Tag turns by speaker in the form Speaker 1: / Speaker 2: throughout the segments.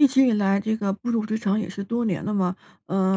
Speaker 1: 一直以来这个步入职场也是多年了嘛，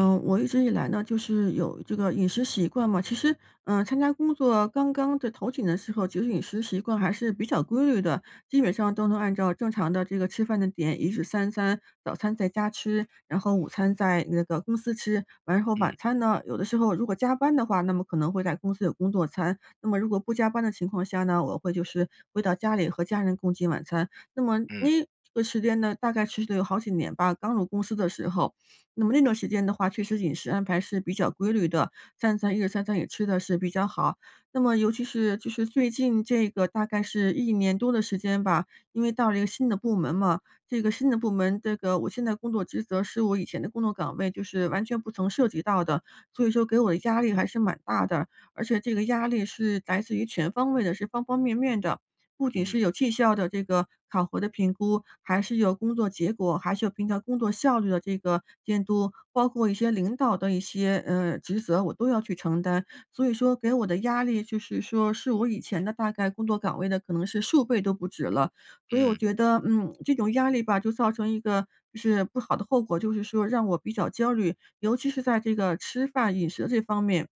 Speaker 2: 嗯。
Speaker 1: 我一直以来呢，就是有这个饮食习惯嘛。其实，呃，参加工作刚刚的头几年的时候，其实饮食习惯还是比较规律的。基本上都能按照正常的这个吃饭的点，一日三餐，早餐在家吃，然后午餐在那个公司吃。完了后晚
Speaker 2: 嗯。
Speaker 1: 餐呢，有的时候如果加班的话，那么可能会在公司有工作餐。那么如果不加班的情况下呢，我会就是回到家里和家人共进晚餐。那么
Speaker 2: 嗯。
Speaker 1: 个时间呢，大概持续了有好几年吧，刚入公司的时候。那么那段时间的话，确实饮食安排是比较规律的。三餐一日三餐也吃的是比较好，那么尤其是就是最近这个大概是1年多的时间吧，因为到了一个新的部门嘛，这个新的部门，这个我现在工作职责是我以前的工作岗位就是完全不曾涉及到的，所以说给我的压力还是蛮大的。而且这个压力是来自于全方位的，是方方面面的。不仅
Speaker 2: 嗯。
Speaker 1: 是有绩效的这个考核的评估，还是有工作结果，还是有平常工作效率的这个监督，包括一些领导的一些，呃，职责，我都要去承担。所以说给我的压力就是说是我以前的大概工作岗位的可能是数倍都不止了。所以我
Speaker 2: 嗯。
Speaker 1: 觉得，嗯，这种压力吧，就造成一个就是不好的后果，就是说让我比较焦虑，尤其是在这个吃饭饮食这方面。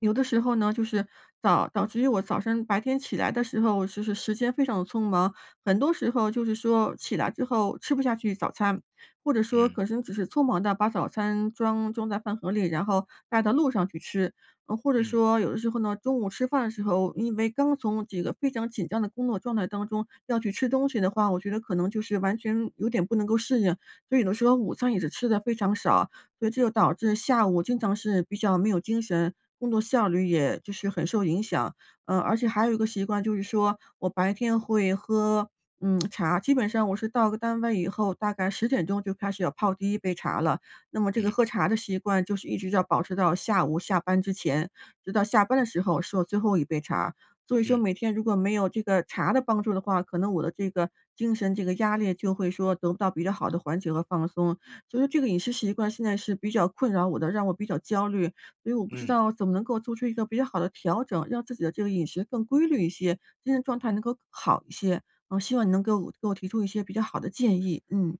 Speaker 1: 有的时候呢，就是早导致于我早上白天起来的时候，我其实时间非常地匆忙，很多时候就是说起来之后吃不下去早餐，或者说
Speaker 2: 嗯。
Speaker 1: 可能只是匆忙地把早餐装装在饭盒里，然后带到路上去吃。呃，或者
Speaker 2: 嗯。
Speaker 1: 说有的时候呢，中午吃饭的时候，因为刚从这个非常紧张的工作状态当中要去吃东西的话，我觉得可能就是完全有点不能够适应，所以呢说午餐也是吃得非常少，所以这又导致下午经常是比较没有精神，工作效率也就是很受影响。呃，而且还有一个习惯就是说我白天会喝嗯 茶，基本上我是到了单位以后大概10：00就开始要泡第1杯茶了。那么这个
Speaker 2: 嗯。
Speaker 1: 喝茶的习惯就是一直要保持到下午下班之前，直到下班的时候是我最后一杯茶，所以说
Speaker 2: 嗯。
Speaker 1: 每天如果没有这个茶的帮助的话，可能我的这个精神这个压力就会说得不到比较好的缓解和放松。所以这个饮食习惯现在是比较困扰我的，让我比较焦虑，所以我不知
Speaker 2: 嗯。
Speaker 1: 道怎么能够做出一个比较好的调整，让自己的这个饮食更规律一些，精神状态能够好一些。嗯，希望你能给我给我提出一些比较好的建议，嗯。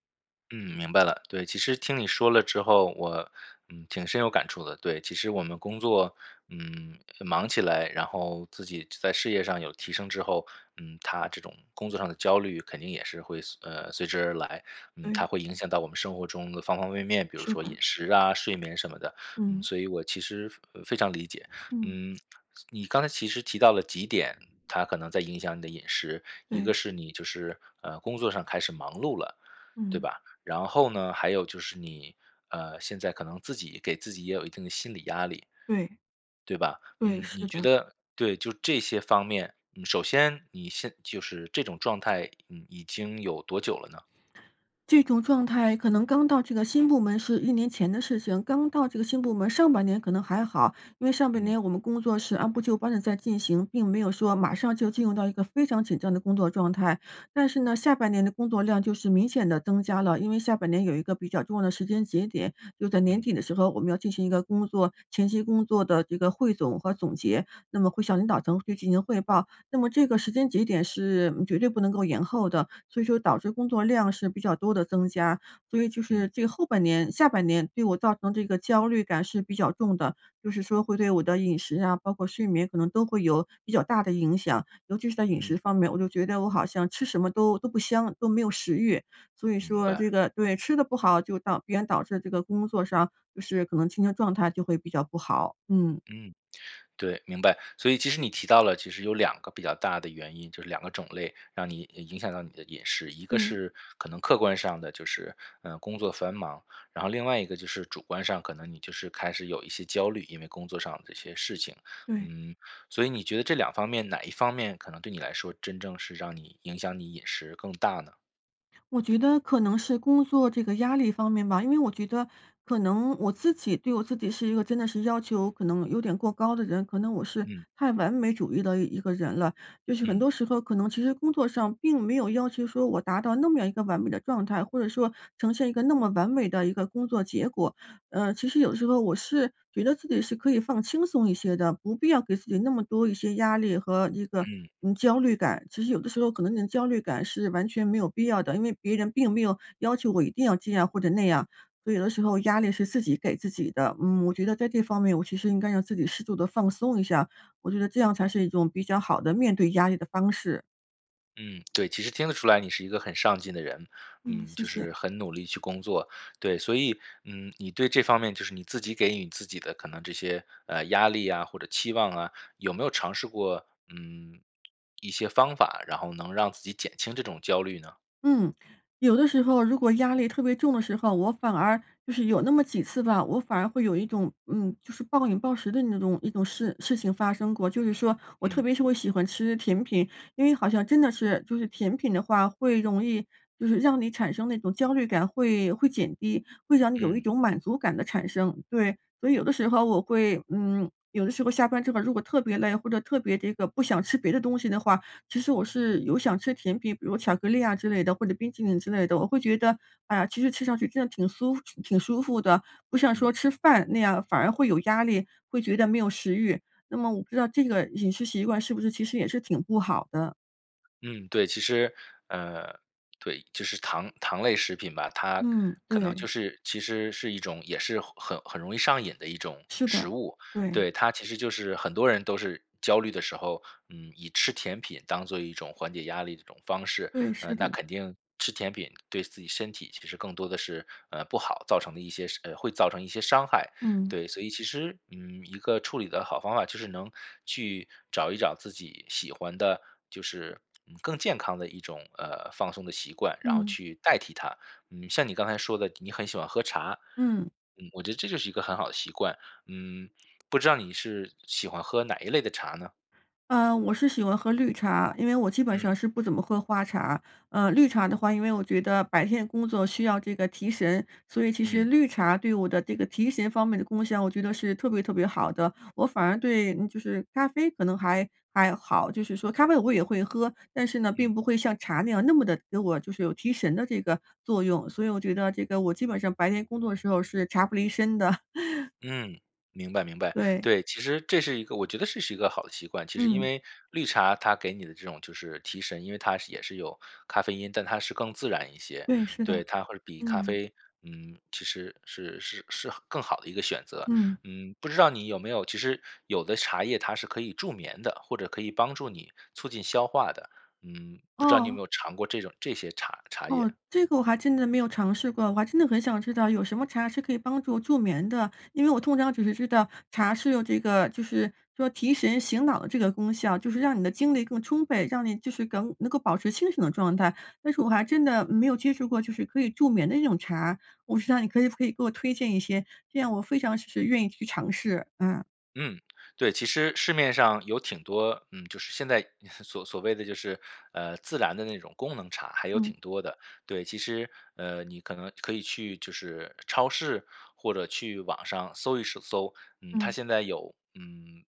Speaker 2: 嗯，明白了。对，其实听你说了之后，我，嗯，挺深有感触的。对，其实我们工作，嗯，忙起来，然后自己在事业上有提升之后，嗯，它这种工作上的焦虑肯定也是会随呃，随之而来。嗯，它
Speaker 1: 对。
Speaker 2: 会影响到我们生活中的方方面面，比如
Speaker 1: 是
Speaker 2: 说饮
Speaker 1: 的。
Speaker 2: 食啊，睡眠什么的，嗯，
Speaker 1: 嗯。
Speaker 2: 所以我其实非常理解。
Speaker 1: 嗯。
Speaker 2: 嗯，你刚才其实提到了几点，它可能在影响你的饮食，一
Speaker 1: 对。
Speaker 2: 个是你就是，呃，工作上开始忙碌了，对
Speaker 1: 嗯。
Speaker 2: 吧？然后呢，还有就是你，呃，现在可能自己给自己也有一定的心理压力，
Speaker 1: 对。
Speaker 2: 对吧？
Speaker 1: 对，
Speaker 2: 嗯，你
Speaker 1: 是
Speaker 2: 觉
Speaker 1: 的。
Speaker 2: 得对，就这些方面，首先你现就是这种状态，嗯，已经有多久了呢？
Speaker 1: 这种状态可能刚到这个新部门是1年前的事情。刚到这个新部门，上半年可能还好，因为上半
Speaker 2: 嗯。
Speaker 1: 年我们工作是按部就班地在进行，并没有说马上就进入到一个非常紧张的工作状态。但是呢，下半年的工作量就是明显地增加了，因为下半年有一个比较重要的时间节点，就在年
Speaker 2: 嗯。
Speaker 1: 底的时候，我们要进行一个工作前期工作的这个汇总和总结，那么会向领导层去进行汇报，那么这个时间节点是绝对不能够延后的。所以说导致工作量是比较多地增加，所以就是
Speaker 2: 嗯。
Speaker 1: 这个后半年下半年对我造成这个焦虑感是比较重的，就是说会对我的饮食啊，包括睡眠可能都会有比较大的影响。尤其是在饮食
Speaker 2: 嗯。
Speaker 1: 方面，我就觉得我好像吃什么都都不香，都没有食欲，所以
Speaker 2: 明
Speaker 1: 说
Speaker 2: 白。
Speaker 1: 这个对，吃的不好就导必然导致这个工作上，就是可能精神状态就会比较不好，嗯。
Speaker 2: 嗯。对，明白。所以其实你提到了其实有2个比较大的原因，就是2个种类，让你影响到你的饮食。一个
Speaker 1: 对。
Speaker 2: 是可能客观上的就是，呃，工作繁忙，然后另外一个就是主观上可能你就是开始有一些焦虑，因为工作上的这些事情。
Speaker 1: 对。
Speaker 2: 嗯，所以你觉得这两方面哪一方面可能对你来说真正是让你影响你饮食更大呢？
Speaker 1: 我觉得可能是工作这个压力方面吧。因为我觉得，可能我自己对我自己是一个真的是要求可能有点过高的人。可能我是
Speaker 2: 嗯。
Speaker 1: 太完美主义的一个人了。就是很
Speaker 2: 嗯。
Speaker 1: 多时候，可能其实工作上，并没有要求说，我达到那么样一个完美的状态，或者说呈现一个那么完美的一个工作结果。呃，其实有时候我是，觉得自己是可以放轻松一些的，不必要给自己那么多一些压力和一个，
Speaker 2: 嗯。
Speaker 1: 嗯，焦虑感。其实有的时候，可能你焦虑感是完全没有必要的，因为别人并没有要求我一定要这样或者那样，所以有的时候压力是自己给自己的。嗯，我觉得在这方面，我其实应该让自己适度地放松一下，我觉得这样才是一种比较好的面对压力的方式。
Speaker 2: 嗯，对，其实听得出来你是一个很上进的人。
Speaker 1: 嗯，
Speaker 2: 嗯，
Speaker 1: 谢
Speaker 2: 就
Speaker 1: 谢。
Speaker 2: 是很努力去工作。对，所以，嗯，你对这方面就是你自己给予你自己的可能这些，呃，压力啊或者期望啊，有没有尝试过，嗯，一些方法，然后能让自己减轻这种焦虑呢？
Speaker 1: 嗯，有的时候如果压力特别重的时候，我反而就是有那么几次吧，我反而会有一种，嗯，就是暴饮暴食的那种一种事事情发生过。就是说我特
Speaker 2: 嗯。
Speaker 1: 别是我喜欢吃甜品，因为好像真的是，就是甜品的话，会容易就是让你产生那种焦虑感，会会减低，会让你有一
Speaker 2: 嗯。
Speaker 1: 种满足感的产生。对，所以有的时候我会嗯，有的时候下班之后，如果特别累，或者特别这个不想吃别的东西的话，其实我是有想吃甜品，比如巧克力啊之类的，或者冰淇淋之类的。我会觉得，啊，其实吃上去真的挺酥服挺舒服的，不像
Speaker 2: 嗯。
Speaker 1: 说吃饭那样反而会有压力，会觉得没有食欲。那么我不知道这个饮食习惯是不是其实也是挺不好的？
Speaker 2: 嗯，对。其实，呃，对，就是糖糖类食品吧，它
Speaker 1: 嗯，
Speaker 2: 可能就
Speaker 1: 对。
Speaker 2: 是其实是一种也是很很很容易上瘾的一种
Speaker 1: 是的，
Speaker 2: 食物。
Speaker 1: 对。
Speaker 2: 对，它其实就是很多人都是焦虑的时候，嗯，以吃甜品当做一种缓解压力的一种方式。
Speaker 1: 对，是
Speaker 2: 呃，那
Speaker 1: 的。
Speaker 2: 肯定吃甜品，对自己身体其实更多的是，呃，不好，造成的一些伤呃，会造成一些伤害。
Speaker 1: 嗯。
Speaker 2: 对，所以其实，嗯，一个处理的好方法，就是能去找一找自己喜欢的就是，嗯，更健康的一种，呃，放松的习惯，然后
Speaker 1: 嗯。
Speaker 2: 去代替它。嗯，像你刚才说的，你很喜欢喝茶，
Speaker 1: 嗯。
Speaker 2: 嗯，我觉得这就是一个很好的习惯，嗯，不知道你是喜欢喝哪一类的茶呢？
Speaker 1: 呃，我是喜欢喝绿茶。因为我基本
Speaker 2: 嗯。
Speaker 1: 上是不怎么喝花茶。呃，绿茶的话，因为我觉得白天工作需要这个提神，所以其实
Speaker 2: 嗯。
Speaker 1: 绿茶对我的这个提神方面的功效，我觉得是特别特别好的，我反而对嗯，就是咖啡可能还还好，就是说咖啡我也会喝，但是呢，
Speaker 2: 嗯。
Speaker 1: 并不会像茶那样，那么的给我就是有提神的这个作用。所以我觉得这个我基本上白天工作的时候是茶不离身的。
Speaker 2: 嗯，明白明白。
Speaker 1: 对。
Speaker 2: 对，其实这是一个我觉得这是一个好的习惯。其实因
Speaker 1: 嗯。
Speaker 2: 为绿茶它给你的这种就是提神，因为它是也是有咖啡因，但它是更自然一些。
Speaker 1: 对，是的，
Speaker 2: 对，它会比咖
Speaker 1: 嗯。
Speaker 2: 啡，嗯，其实是是是好更好的一个选择。
Speaker 1: 嗯。
Speaker 2: 嗯，不知道你有没有，其实有的茶叶它是可以助眠的，或者可以帮助你促进消化的，嗯，不知道你有
Speaker 1: 哦。
Speaker 2: 没有尝过这种这些茶茶
Speaker 1: 哦，
Speaker 2: 叶？
Speaker 1: 这个我还真的没有尝试过，我还真的很想知道有什么茶是可以帮助助眠的。因为我通常只是知道，茶是有这个就是说提神醒脑的这个功效，就是让你的精力更充沛，让你，就是更能够保持清醒的状态，但是我还真的没有接触过，就是可以助眠的那种茶，不知道你可以不可以给我推荐一些，这样我非常是愿意去尝试，啊。
Speaker 2: 嗯，对，其实市面上有挺多嗯，就是现在 所所谓的就是，呃，自然的那种功能茶，还有
Speaker 1: 嗯。
Speaker 2: 挺多的。对，其实，呃，你可能可以去就是超市或者去网上搜一是搜。嗯，它
Speaker 1: 嗯。
Speaker 2: 现在有嗯，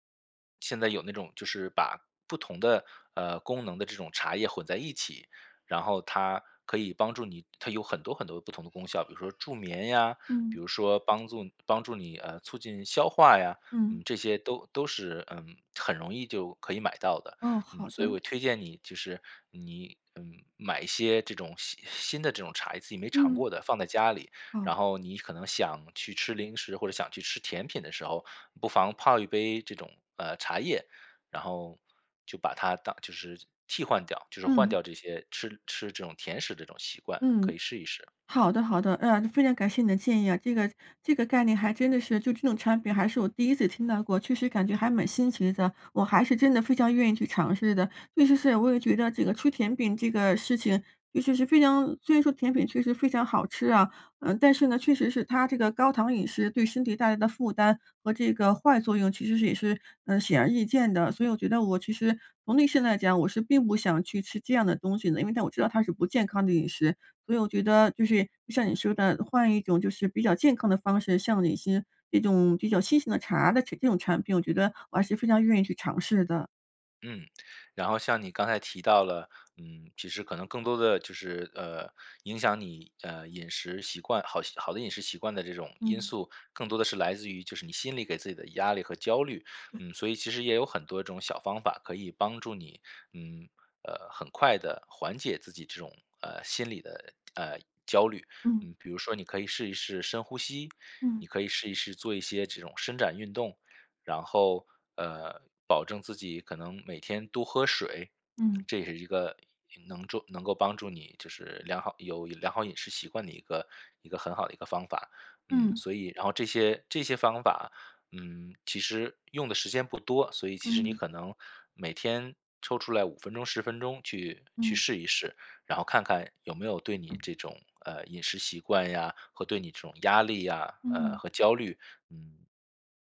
Speaker 2: 现在有那种就是把不同的，呃，功能的这种茶叶，混在一起，然后它可以帮助你它有很多很多的不同的功效，比如说助眠呀，比
Speaker 1: 嗯。
Speaker 2: 如说帮助帮助你，呃，促进消化呀，
Speaker 1: 嗯。
Speaker 2: 嗯，这些都都是，呃，很容易就可以买到的。
Speaker 1: 哦，
Speaker 2: 嗯，
Speaker 1: 好
Speaker 2: 所以
Speaker 1: 的。
Speaker 2: 我推荐你就是你，嗯，买一些这种新新的这种茶，自己没尝
Speaker 1: 嗯。
Speaker 2: 过的放在家里，
Speaker 1: 哦。
Speaker 2: 然后你可能想去吃零食，或者想去吃甜品的时候，不妨泡一杯这种，呃，茶叶。然后就把它当就是替换掉，就是换
Speaker 1: 嗯。
Speaker 2: 掉这些吃吃这种甜食的这种习惯，可
Speaker 1: 嗯，
Speaker 2: 以试一试。
Speaker 1: 好的好的，呃，非常感谢你的建议啊，这个这个概念还真的是就这种产品，还是我第1次听到过，确实感觉还蛮新奇的，我还是真的非常愿意去尝试的。确实是，我也觉得这个吃甜品这个事情，尤其是非常虽然说甜品确实非常好吃啊，呃，但是呢，确实是它这个高糖饮食，对身体带来的负担和这个坏作用其实是也是，呃，显而易见的。所以我觉得我其实从内心来讲，我是并不想去吃这样的东西的，因为但我知道它是不健康的饮食。所以我觉得，就是，就像你说的，呃，换一种就是比较健康的方式，像有一些这种比较新型的茶的这这种产品，我觉得，我还是非常愿意去尝试的。
Speaker 2: 嗯，然后像你刚才提到了，嗯，其实可能更多的就是，呃，影响你，呃，饮食习惯。好习好的饮食习惯的这种因
Speaker 1: 嗯。
Speaker 2: 素，更多的是来自于就是你心里给自己的压力和焦虑。
Speaker 1: 对。
Speaker 2: 嗯，所以其实也有很多这种小方法可以帮助你，嗯，呃，很快地缓解自己这种，呃，心理的，呃，焦虑。
Speaker 1: 嗯。
Speaker 2: 嗯，比如说你可以试一试深呼吸，
Speaker 1: 嗯。
Speaker 2: 你可以试一试做一些这种伸展运动。然后，呃，保证自己可能每天多喝水，
Speaker 1: 嗯。
Speaker 2: 这也是一个能助能够帮助你就是良好有良好饮食习惯的一个一个很好的一个方法。嗯，
Speaker 1: 嗯。
Speaker 2: 所以然后这些这些方法，嗯，其实用的时间不多，所以其实你
Speaker 1: 嗯。
Speaker 2: 可能每天抽出来5分钟、10分钟去去
Speaker 1: 嗯。
Speaker 2: 试一试，然后看看，有没有对你这种，呃，饮食习惯呀和对你这种压力呀，呃，
Speaker 1: 嗯。
Speaker 2: 和焦虑，嗯，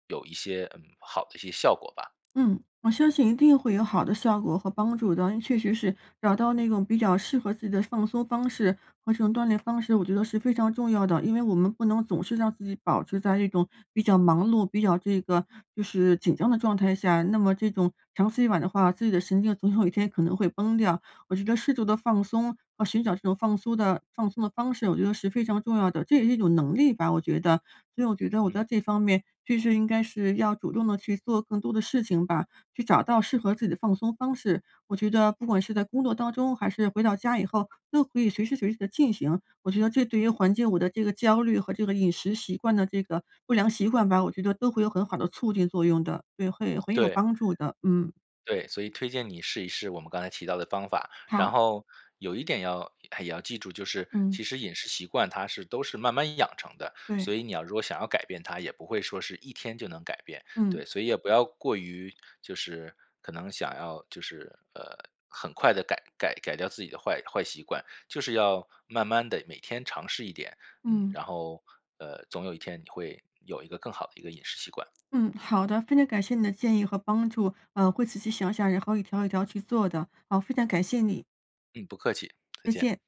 Speaker 2: 有一些嗯，好的一些效果吧。
Speaker 1: 嗯，我相信一定会有好的效果和帮助的。因为确实是，找到那种比较适合自己的放松方式和这种锻炼方式，我觉得是非常重要的，因为我们不能总是让自己保持在这种比较忙碌，比较这个就是紧张的状态下，那么这种长此以往的话，自己的神经总有一天可能会崩掉。我觉得适度的放松，和寻找这种放松的放松的方式，我觉得是非常重要的，这也是一种能力吧，我觉得。所以我觉得我在
Speaker 2: 嗯。
Speaker 1: 这方面，确实应该是要主动地去做更多的事情吧，去找到适合自己的放松方式。我觉得不管是在工作当中，还是回到家以后，都可以随时随地地进行，我觉得这对于缓解我的这个焦虑，和这个饮食习惯的这个，不良习惯吧，我觉得都会有很好的促进作用的。对，会很有
Speaker 2: 对。
Speaker 1: 帮助的，嗯。
Speaker 2: 对，所以推荐你试一试我们刚才提到的方法。然
Speaker 1: 好。
Speaker 2: 后有一点要也要记住，就是
Speaker 1: 嗯。
Speaker 2: 其实饮食习惯它是都是慢慢养成的，
Speaker 1: 对。
Speaker 2: 所以你要如果想要改变它，也不会说是一天就能改变。
Speaker 1: 嗯。
Speaker 2: 对，所以也不要过于就是可能想要就是，呃，很快地改改改掉自己的坏坏习惯，就是要慢慢地每天尝试一点，嗯，
Speaker 1: 嗯。
Speaker 2: 然后，呃，总有一天你会有一个更好的一个饮食习惯。
Speaker 1: 嗯，好的，非常感谢你的建议和帮助。呃，会仔细想想，然后一条一条去做的，啊，非常感谢你。
Speaker 2: 嗯，不客气，再
Speaker 1: 再
Speaker 2: 见。
Speaker 1: 见。